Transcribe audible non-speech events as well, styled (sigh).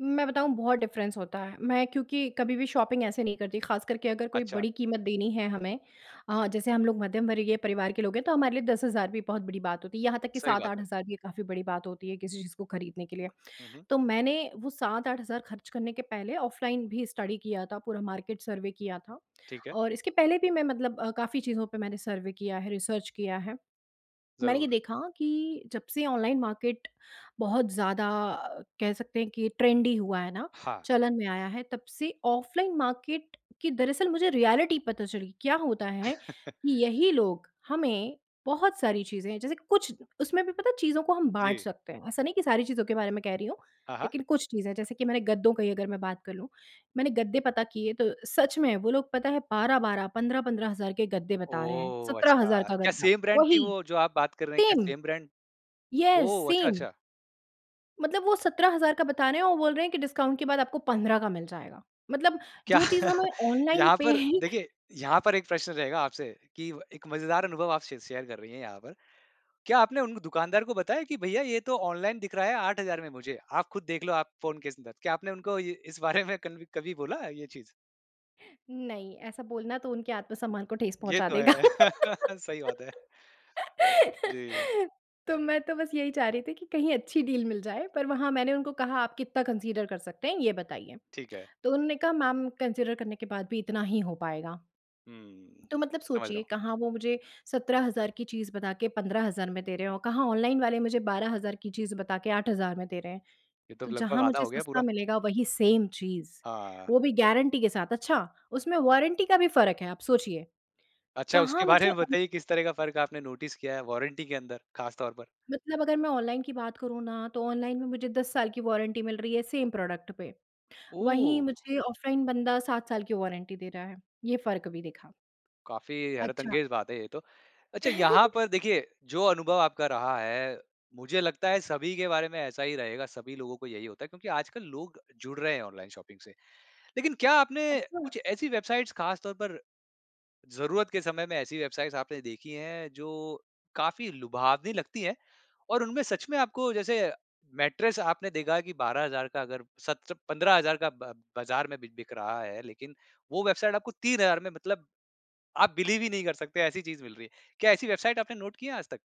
मैं बताऊँ बहुत डिफरेंस होता है, मैं क्योंकि कभी भी शॉपिंग ऐसे नहीं करती ख़ास करके अगर कोई अच्छा। बड़ी कीमत देनी है हमें अ, जैसे हम लोग मध्यम वर्गीय परिवार के लोग हैं, तो हमारे लिए 10,000 भी बहुत बड़ी बात होती है, यहाँ तक कि सही सात बात आठ है। हज़ार भी काफ़ी बड़ी बात होती है, किसी चीज़ को खरीदने के लिए। हुँ, हुँ। तो मैंने वो 7-8 हज़ार खर्च करने के पहले ऑफलाइन भी स्टडी किया था पूरा मार्केट सर्वे किया था ठीक है। और इसके पहले भी मैं मतलब काफ़ी चीज़ों पे मैंने सर्वे किया है, रिसर्च किया है। मैंने ये ज़रूर। देखा कि जब से ऑनलाइन मार्केट बहुत ज़्यादा कह सकते हैं कि ट्रेंडी हुआ है ना, हाँ। चलन में आया है तब से ऑफलाइन मार्केट की दरअसल मुझे रियलिटी पता चली, क्या होता है (chuckles) कि यही लोग हमें बहुत सारी चीज़ें हैं, जैसे कुछ उसमें भी पता है चीज़ों को हम बाँट जी। सकते हैं, ऐसा नहीं कि सारी चीज़ों के बारे में कह रही हूँ हाँ, हाँ। लेकिन कुछ चीजें जैसे कि मैंने गद्दों का ही अगर मैं बात कर लूँ। मैंने गद्दे पता किए तो सच में वो लोग पता है 12-12, 15-15 हज़ार के गद्दे बता रहे हैं, ओह! 17,000 अच्छा, का क्या गद्दा सेम ब्रांड थी वही। वो जो आप बात कर रहे हैं, क्या same. Same brand? Yes, oh! अच्छा, सेम। अच्छा। मतलब वो 17,000 का बता रहे हैं, वो बोल रहे हैं कि डिस्काउंट के बाद आपको 15 का मिल जाएगा। मतलब क्या जो चीज़ हमें ऑनलाइन यहाँ पे पर ही देखिए यहाँ पर एक प्रश्न रहेगा आपसे कि एक मजेदार अनुभव आप शे शेयर कर रही हैं यहाँ पर क्या आपने उन दुकानदार को बताया कि भैया ये तो ऑनलाइन दिख रहा है 8000 में मुझे आप खुद देख लो, आप फ़ोन के अंदर, क्या आपने उनको ये इस बारे में कन्वी कभी बोला ये चीज़? नहीं ऐसा बोलना तो उनके आत्म-सम्मान को ठेस ये पहुँचा तो देगा। है, (chuckles) सही बात है। जी। (laughs) तो मैं तो बस यही चाह रही थी कि कहीं अच्छी डील मिल जाए, पर वहाँ मैंने उनको कहा आप कितना कन्सिडर कर सकते हैं ये बताइए, ठीक है। तो उन्होंने कहा मैम कन्सिडर करने के बाद भी इतना ही हो पाएगा। हुँ। तो मतलब समझ रहा सोचिए हूँ। कहाँ वो मुझे 17,000 की चीज़ बता के 15,000 में दे रहे हैं और कहाँ ऑनलाइन वाले मुझे 12,000 की चीज़ बता के 8,000 में दे रहे हैं। ये तो तो लगभग जहाँ आधा मुझे हो गया सस्ता पूरा। मिलेगा वही सेम चीज़, हाँ। वो भी गारंटी के साथ, अच्छा उसमें वारंटी का भी फ़र्क है आप सोचिए। अच्छा, उसके कहाँ बारे मुझे में उन बताइए किस तरह का फ़र्क आपने नोटिस किया है, वारंटी के अंदर ख़ास तौर पर? मतलब अगर मैं ऑनलाइन की बात करूँ ना तो ऑनलाइन में मुझे 10 साल की वारंटी मिल रही है सेम प्रोडक्ट पे। वहीं ओह! मुझे ऑफलाइन बंदा 7 साल की वारंटी दे रहा है। ये फ़र्क भी दिखा। काफ़ी अच्छा। हैरतअंगेज बात है ये तो, अच्छा यहाँ (chuckles) पर देखिए, जो अनुभव आपका रहा है मुझे लगता है सभी के बारे में ऐसा ही रहेगा, सभी लोगों को यही होता है क्योंकि आजकल लोग जुड़ रहे हैं ऑनलाइन शॉपिंग से। लेकिन क्या आपने अच्छा। कुछ ऐसी वेबसाइट्स ख़ास तौर पर ज़रूरत के समय में ऐसी वेबसाइट्स आपने देखी हैं जो काफ़ी लुभावनी लगती है और उनमें सच में आपको जैसे मैट्रेस आपने देखा कि 12,000 का अगर सत्र 15,000 का ब बाजार में बि बिक रहा है लेकिन वो वेबसाइट आपको 3,000 में मतलब आप बिलीव ही नहीं कर सकते, ऐसी चीज़ मिल रही है। क्या ऐसी वेबसाइट आपने नोट किया है आजतक?